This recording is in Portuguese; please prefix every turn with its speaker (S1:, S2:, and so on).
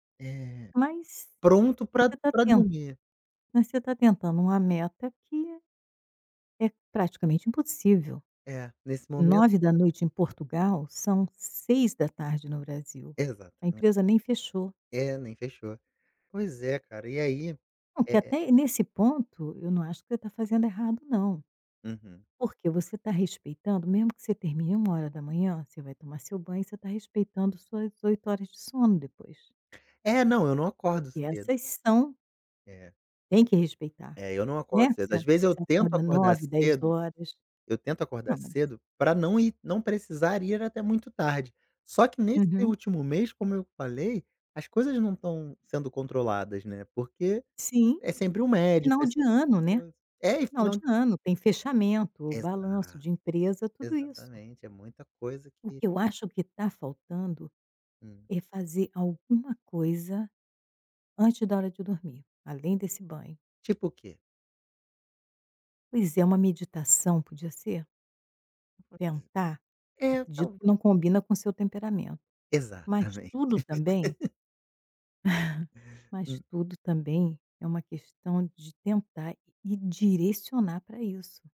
S1: Eh,
S2: Mas
S1: pronto pra
S2: você tá
S1: pra
S2: ten
S1: dormir.
S2: mas você tá tentando uma meta que é praticamente impossível.
S1: É, nesse momento
S2: 21:00 em Portugal são 18:00 no Brasil, a
S1: Exatamente.
S2: empresa nem fechou.
S1: É, nem fechou. Pois é, cara, e, aí,
S2: Não, que
S1: eh eh
S2: até nesse ponto, eu não acho que você está fazendo errado não,
S1: Uhum.
S2: porque você tá respeitando mesmo que você termine 01:00, você vai tomar seu banho e você está respeitando suas 8 horas de sono depois.
S1: É. não, eu não acordo
S2: Porque
S1: cedo.
S2: essas são
S1: É.
S2: tem que respeitar,
S1: É, eu não
S2: né?
S1: acordo cedo,
S2: Você
S1: às vezes, eu
S2: você
S1: tento
S2: acorda
S1: acordar
S2: 09:00, dez
S1: cedo
S2: horas,
S1: eu tento acordar
S2: não mas
S1: cedo pra não ir não precisar ir até muito tarde. Só que nesse
S2: Uhum.
S1: último mês, como eu falei, as coisas não estão sendo controladas, né, porque
S2: Sim,
S1: é sempre um médico,
S2: final
S1: é
S2: de
S1: sempre
S2: ano,
S1: uma
S2: né?
S1: coisa. É e
S2: Final de
S1: final
S2: ano, tem fechamento, balanço
S1: Exato,
S2: de empresa, tudo isso.
S1: exatamente, é muita coisa
S2: O
S1: que
S2: que eu acho que tá faltando
S1: Hum.
S2: é fazer alguma coisa, antes da hora de dormir, além desse banho.
S1: Tipo o quê?
S2: Pois é, uma meditação podia ser?
S1: [unintelligible]
S2: Tentar?
S1: É
S2: Acredito
S1: talv
S2: que não combina com o seu temperamento. Mas
S1: Exatamente.
S2: tudo também mas
S1: Hum.
S2: tudo também é uma questão de tentar e direcionar para isso.